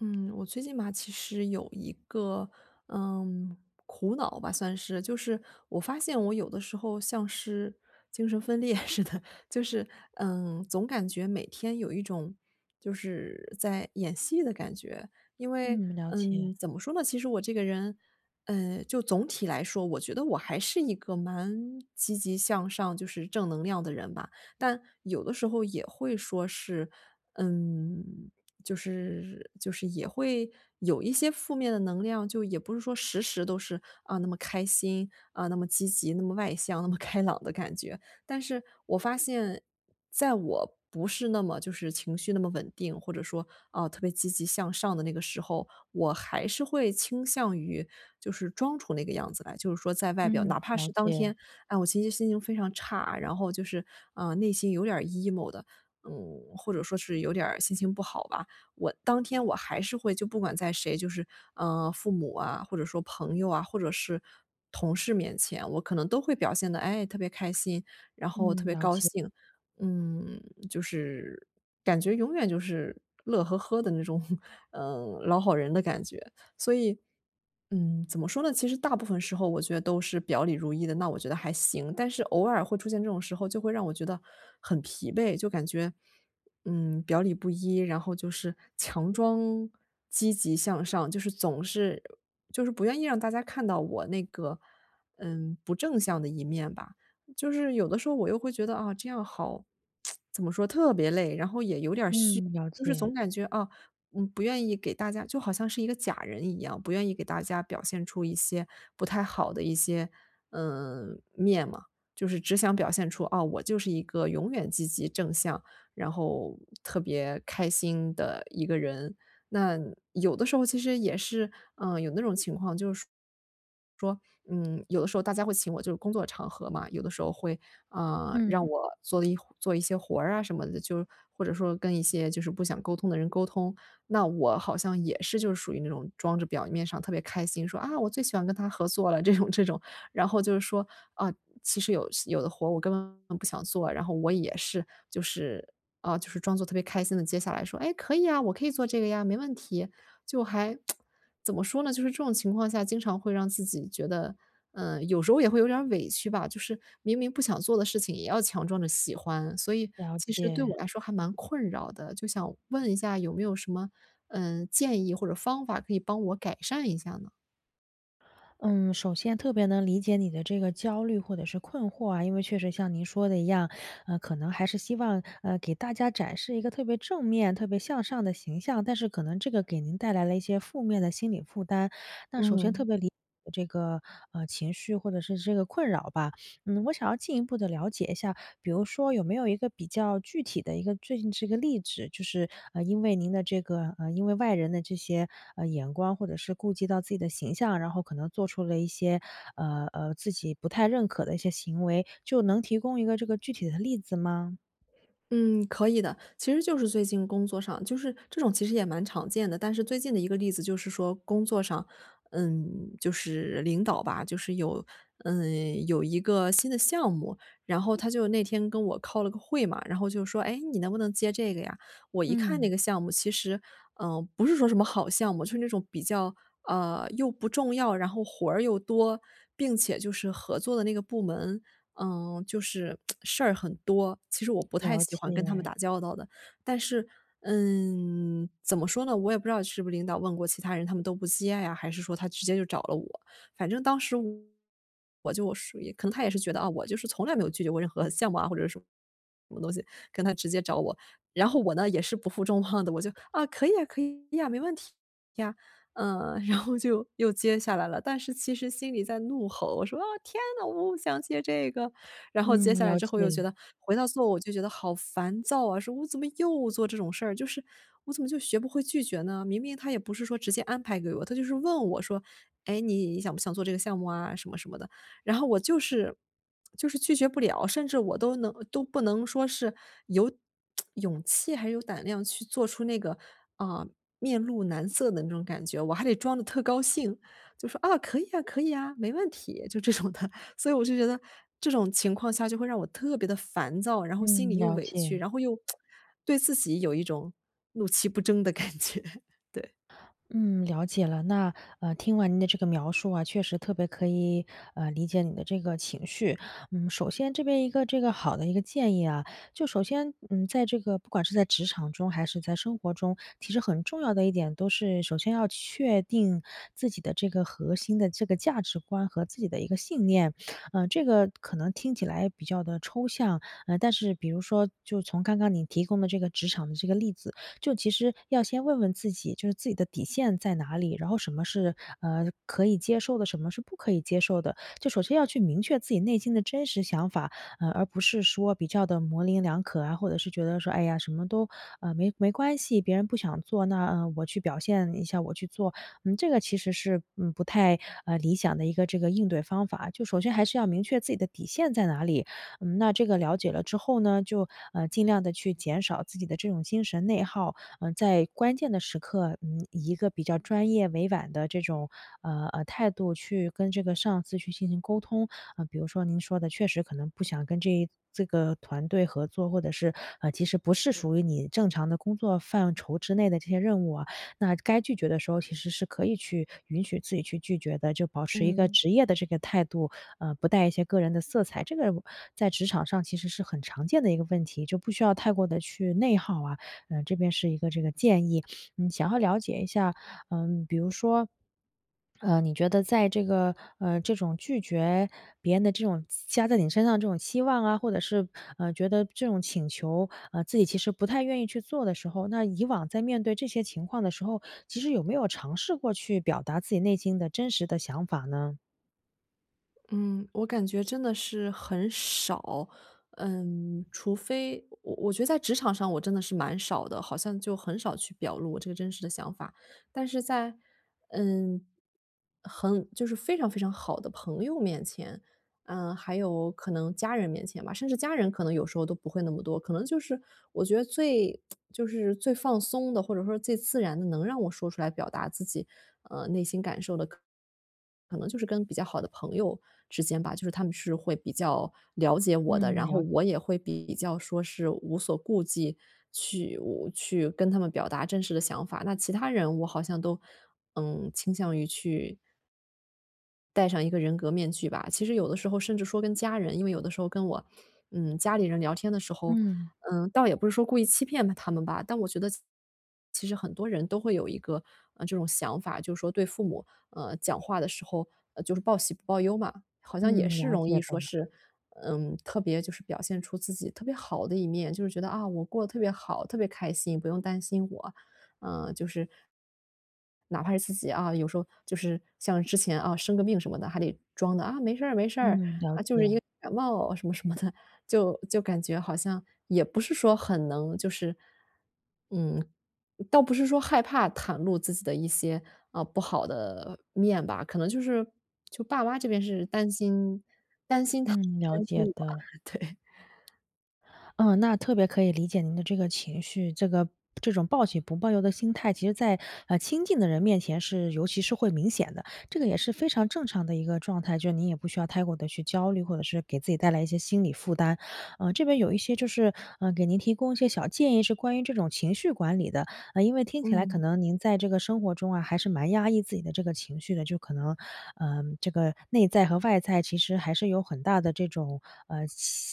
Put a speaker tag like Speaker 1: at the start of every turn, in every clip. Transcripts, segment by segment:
Speaker 1: 嗯，我最近吧，其实有一个，嗯，苦恼吧算是。就是我发现我有的时候，像是精神分裂似的就是，嗯，总感觉每天有一种，就是在演戏的感觉。因为，
Speaker 2: 嗯，了解。
Speaker 1: 嗯，怎么说呢？其实我这个人，嗯，就总体来说，我觉得我还是一个蛮积极向上就是正能量的人吧。但有的时候也会说是，嗯，就是就是也会有一些负面的能量。就也不是说，时时都是，啊，那么开心，啊，那么积极、那么外向、那么开朗的感觉。但是我发现，在我不是那么就是情绪那么稳定，或者说，啊，特别积极向上的那个时候，我还是会倾向于，就是装出那个样子来。就是说在外表
Speaker 2: 嗯，
Speaker 1: 哪怕
Speaker 2: 了
Speaker 1: 是当
Speaker 2: 解。
Speaker 1: 天，啊，我心情心情非常差，然后就是，啊，内心有点儿 emo 的，嗯，或者说是有点儿心情不好吧。我当天我还是会就不管在谁就是，嗯，父母啊，或者说朋友啊，或者是同事面前，我可能都会表现得，哎，特别开心，然后特
Speaker 2: 嗯，
Speaker 1: 别
Speaker 2: 了
Speaker 1: 高
Speaker 2: 解。
Speaker 1: 兴。嗯，就是感觉永远就是乐呵呵的那种，呃，老好人的感觉。所以，嗯，怎么说呢？其实大部分时候我觉得都是表里如一的，那我觉得还行。但是偶尔会出现这种时候，就会让我觉得很疲惫就感觉，嗯，表里不一，然后就是强装积极向上，就是总是就是不愿意让大家看到我那个，嗯，不正向的一面吧。就是有的时候我又会觉得，啊，这样好 怎么说，特别累，然后也有点儿虚。
Speaker 2: 嗯，了
Speaker 1: 就是
Speaker 2: 解。
Speaker 1: 总感觉，啊，嗯，不愿意给大家就好像是一个假人一样，不愿意给大家表现出一些不太好的一些，呃，面嘛。就是只想表现出：“啊，我就是一个永远积极正向，然后特别开心的一个人。”那有的时候，其实也是，嗯，有那种情况，就是说，嗯，有的时候大家会请我就是工作场合嘛，有的时候会，啊，让
Speaker 2: 嗯。
Speaker 1: 我做一做一些活啊，什么的，就是或者说，跟一些，就是不想沟通的人沟通。那我好像也是就是属于那种装着表面上特别开心，说“啊，我最喜欢跟他合作了”这种这种，然后就是说，啊，其实有有的活，我根本不想做。然后我也是，就是啊，就是装作特别开心地接下来，说：“哎，可以啊，我可以做这个呀，没问题。”就还 怎么说呢，就是这种情况下，经常会让自己觉得，呃，有时候也会有点儿委屈吧。就是明明不想做的事情也要强装着喜欢，所以
Speaker 2: 了
Speaker 1: 其实对我
Speaker 2: 解。
Speaker 1: 来说还蛮困扰的。就想问一下有没有什么，呃，建议或者方法，可以帮我改善一下呢？
Speaker 2: 嗯，首先特别能理解你的这个焦虑或者是困惑啊，因为确实像您说的一样，呃，可能还是希望，呃，给大家展示一个特别正面、特别向上的形象，但是可能这个给您带来了一些负面的心理负担。那首先特
Speaker 1: 嗯。
Speaker 2: 别理解这个，呃，情绪或者是这个困扰吧。嗯，我想要进一步地了解一下，比如说有没有一个比较具体的一个最近是个例子，就是，呃，因为您的这个呃，因为外人的这些，呃，眼光，或者是顾及到自己的形象，然后可能做出了一些，呃呃，自己不太认可的一些行为。就能提供一个这个具体的例子吗？
Speaker 1: 嗯，可以的。其实就是最近工作上，就是这种其实也蛮常见的。但是最近的一个例子就是说工作上，嗯，就是领导吧就是有嗯，有一个新的项目，然后他就那天跟我开了个会嘛，然后就说：“诶，你能不能接这个呀？”我一看
Speaker 2: 嗯。
Speaker 1: 那个项目其实呃，不是说什么好项目，就是那种比较呃，又不重要，然后活儿又多，并且就是合作的那个部门，嗯，就是 事儿很多，其实我不太
Speaker 2: 了
Speaker 1: 喜欢跟他们
Speaker 2: 解。
Speaker 1: 打交道的。但是嗯，怎么说呢，我也不知道是不是领导问过其他人他们都不接啊，还是说他直接就找了我。反正当时我就属于可能他也是觉得，啊，我就是从来没有拒绝过任何项目啊或者什么什么东西，可能他直接找我。然后我呢也是不负重望的，我就：“啊，可以啊，可以呀，没问题呀。“呃，然后就又接下来了。但是其实心里在怒吼，我说：”啊，天哪，我不想接这个。“然后接
Speaker 2: 嗯，
Speaker 1: 下来
Speaker 2: 了
Speaker 1: 之后又觉
Speaker 2: 解。
Speaker 1: 得回到座位我就觉得好烦躁啊，说我怎么又做这种事儿，就是我怎么就学不会拒绝呢？明明他也不是说直接安排给我，他就是问我说：“诶，你想不想做这个项目啊什么什么的。”然后我就是就是拒绝不了，甚至我都能都不能说是有 勇气还有胆量去做出那个，啊，面露难色的那种感觉，我还得装得特高兴。就说：“啊，可以啊，可以啊，没问题。“就这种的。所以我就觉得这种情况下就会让我特别地烦躁，然后心里
Speaker 2: 嗯，
Speaker 1: 又
Speaker 2: 了
Speaker 1: 委屈，
Speaker 2: 解。
Speaker 1: 然后又 对自己有一种怒其不争的感觉。对。
Speaker 2: 嗯，了解了。那，呃，听完您的这个描述啊，确实特别可以，呃，理解你的这个情绪。嗯，首先这边一个这个好的一个建议啊，就首先，嗯，在这个不管是在职场中还是在生活中，其实很重要的一点都是首先要确定自己的这个核心的这个价值观和自己的一个信念。呃，这个可能听起来比较地抽象。嗯，但是比如说就从刚刚你提供的这个职场的这个例子，就其实要先问问自己，就是自己的底线在哪里，然后什么是，呃，可以接受的，什么是不可以接受的。就首先要去明确自己内心的真实想法，呃，而不是说比较地模棱两可啊，或者是觉得说哎呀什么都，呃，没没关系。别人不想做，那，呃，我去表现一下我去做。嗯，这个其实是，嗯，不太，呃，理想的一个这个应对方法。就首先还是要明确自己的底线在哪里，嗯，那这个了解了之后呢，就，呃，尽量地去减少自己的这种精神内耗，呃，在关键的时刻，嗯，以一个比较专业委婉的这种，呃呃，态度去跟这个上司去进行沟通。呃，比如说您说的确实可能不想跟这这个团队合作，或者是，呃，其实不是属于你正常的工作范畴之内的这些任务啊，那该拒绝的时候，其实是可以去允许自己去拒绝的。就保持一个
Speaker 1: 嗯。
Speaker 2: 职业的这个态度，呃，不带一些个人的色彩，这个我在职场上其实是很常见的一个问题，就不需要太过地去内耗啊。呃，这边是一个这个建议。嗯，想要了解一下，嗯，比如说，呃，你觉得在这个呃，这种拒绝别人的这种加在你身上的这种期望啊，或者是，呃，觉得这种请求，呃，自己其实不太愿意去做的时候，那以往在面对这些情况的时候，其实有没有尝试过去表达自己内心的真实的想法呢？
Speaker 1: 嗯，我感觉真的是很少，嗯，除非我我觉得在职场上我真的是蛮少的，好像就很少去表露我这个真实的想法，但是在，嗯，很就是非常非常好的朋友面前，呃，还有可能家人面前吧，甚至家人可能有时候都不会那么多，可能就是我觉得最 就是最放松的，或者说最自然的能让我说出来表达自己，呃，内心感受的可能可能就是跟比较好的朋友之间吧，就是他们是会比较了解我的，
Speaker 2: 嗯，
Speaker 1: 然后
Speaker 2: 了
Speaker 1: 我也会比较说是无所顾忌，去我去跟他们表达真实的想法，那其他人我好像，嗯，都倾向于去戴上一个人格面具吧，其实有的时候甚至说跟家人，因为有的时候跟我，嗯，家里人聊天的时候，
Speaker 2: 嗯。
Speaker 1: 呃，倒也不是说故意欺骗了他们吧，但我觉得其实其实很多人都会有一个，呃，这种想法，就是说对父母，呃，讲话的时候，呃，就是报喜不报忧嘛。好像也
Speaker 2: 嗯，
Speaker 1: 是
Speaker 2: 了
Speaker 1: 容
Speaker 2: 解
Speaker 1: 易说
Speaker 2: 了。
Speaker 1: 是，嗯，特别就是表现出自己特别好的一面，就是觉得啊，我过得特别好，特别开心，不用担心我，呃，就是哪怕是自己啊，有时候就是像之前啊，生个病什么的还得装得，啊，没事儿，没事儿，
Speaker 2: 嗯，了
Speaker 1: 啊，就是一
Speaker 2: 解。
Speaker 1: 个感冒，什么什么的，就就感觉好像也不是说很能就是，嗯，倒不是说害怕袒露自己的一些，呃，不好的面吧，可能就是就爸妈这边是担心
Speaker 2: 嗯，了
Speaker 1: 担心他担心
Speaker 2: 解
Speaker 1: 我，
Speaker 2: 的。
Speaker 1: 对。
Speaker 2: 嗯，那特别可以理解您的这个情绪。这个这种报喜不报忧的心态，其实在，呃，亲近的人面前是尤其是会明显的，这个也是非常正常的一个状态。就是您也不需要太过地去焦虑，或者是给自己带来一些心理负担。呃，这边有一些就是，呃，给您提供一些小建议，是关于这种情绪管理的，因为听起来可
Speaker 1: 嗯。
Speaker 2: 能您在这个生活中啊，还是蛮压抑自己的这个情绪的。就可能，呃，这个内在和外在其实还是有很大的这种，呃，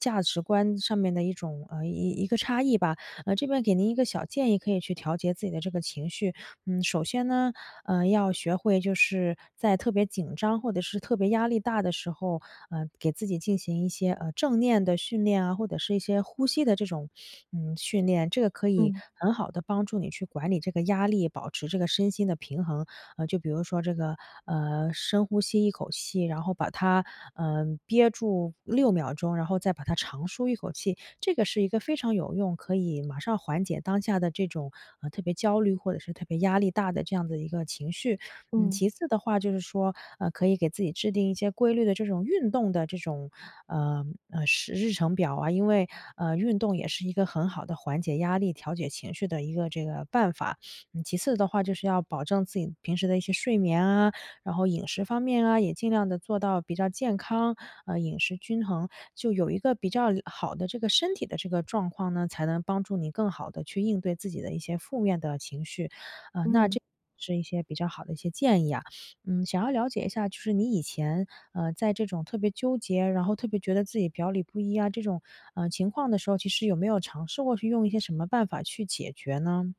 Speaker 2: 价价值观上面的一种呃，一一个差异吧。这边给您一个小建议，可以去调节自己的这个情绪。嗯，首先呢，呃，要学会就是在特别紧张，或者是特别压力大的时候，呃，给自己进行一些，呃，正念的训练啊，或者是一些呼吸的这种，嗯，训练，这个可以
Speaker 1: 嗯。
Speaker 2: 很好地帮助你去管理这个压力，保持这个身心的平衡。呃，就比如说这个，呃，深呼吸一口气，然后把它，呃，憋住6秒钟，然后再把它长舒一口气，这个是一个非常有用，可以马上缓解当下的这种，呃，特别焦虑或者是特别压力大的这样的一个情绪。嗯，
Speaker 1: 嗯。
Speaker 2: 其次的话就是说，呃，可以给自己制定一些规律的这种运动的这种，呃，呃，时日程表啊，因为，呃，运动也是一个很好的缓解压力、调节情绪的一个这个办法。其次的话，就是要保证自己平时的一些睡眠啊，然后饮食方面啊，也尽量地做到比较健康，呃，饮食均衡，就有一个比较好的这个身体的这个状况呢，才能帮助你更好地去应对自己的一些负面的情绪。呃，那
Speaker 1: 嗯。
Speaker 2: 这是一些比较好的一些建议啊。嗯，想要了解一下，就是你以前，呃，在这种特别纠结，然后特别觉得自己表里不一啊，这种，呃，情况的时候，其实有没有尝试过去用一些什么办法去解决呢？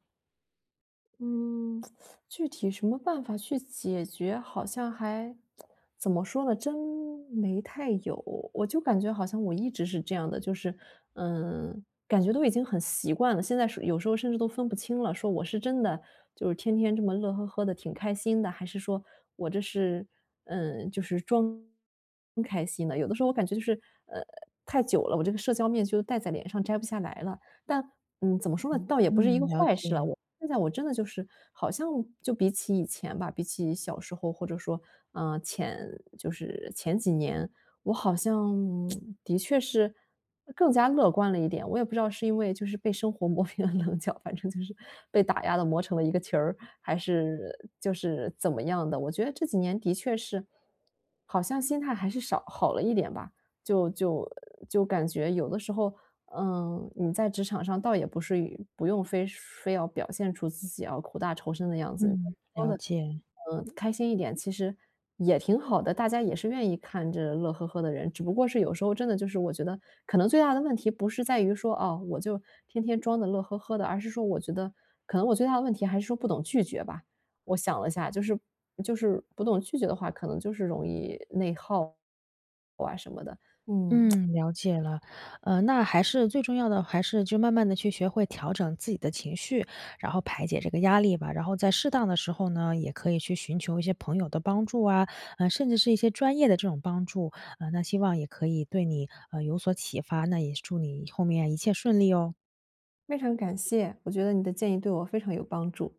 Speaker 1: 嗯，具体什么办法去解决，好像还 怎么说呢，真，没太有。我就感觉好像我一直是这样的，就是，呃，感觉都已经很习惯了，现在是有时候甚至都分不清了。说我是真的，就是，天天这么乐呵呵地挺开心的。还是说我这是呃，就是装开心的。有的时候我感觉就是，呃，太久了，我这个社交面具就戴在脸上摘不下来了。但嗯，怎么说呢？倒也不是一个
Speaker 2: 嗯，了
Speaker 1: 坏事了，
Speaker 2: 解。
Speaker 1: 我现在我真的就是好像就比起以前吧，比起小时候或者说，啊，前就是前几年，我好像，的确是更加乐观了一点。我也不知道是因为，就是，被生活磨平了棱角，反正就是被打压了磨成了一个球儿，还是就是怎么样的。我觉得这几年的确是，好像心态还是少好了一点吧。就就就感觉有的时候，嗯，你在职场上倒也不是于不用非说非要表现出自己要苦大仇深的样子。嗯，
Speaker 2: 嗯，
Speaker 1: 装
Speaker 2: 了
Speaker 1: 得，
Speaker 2: 解。
Speaker 1: 嗯，开心一点，其实也挺好的，大家也是愿意看着乐呵呵的人。只不过是有时候真的就是我觉得可能最大的问题不是在于说，啊，我就天天装得乐呵呵的。而是说我觉得可能我最大的问题还是说不懂拒绝吧。我想了一下，就是就是不懂拒绝的话，可能就是容易内耗哇什么的，嗯。
Speaker 2: 嗯，了解了。呃，那还是最重要的还是就慢慢地去学会调整自己的情绪，然后排解这个压力吧。然后在适当的时候呢，也可以去寻求一些朋友的帮助啊，嗯，甚至是一些专业的这种帮助。嗯，那希望也可以对你，呃，有所启发，那也祝你后面一切顺利哦。
Speaker 1: 非常感谢，我觉得你的建议对我非常有帮助。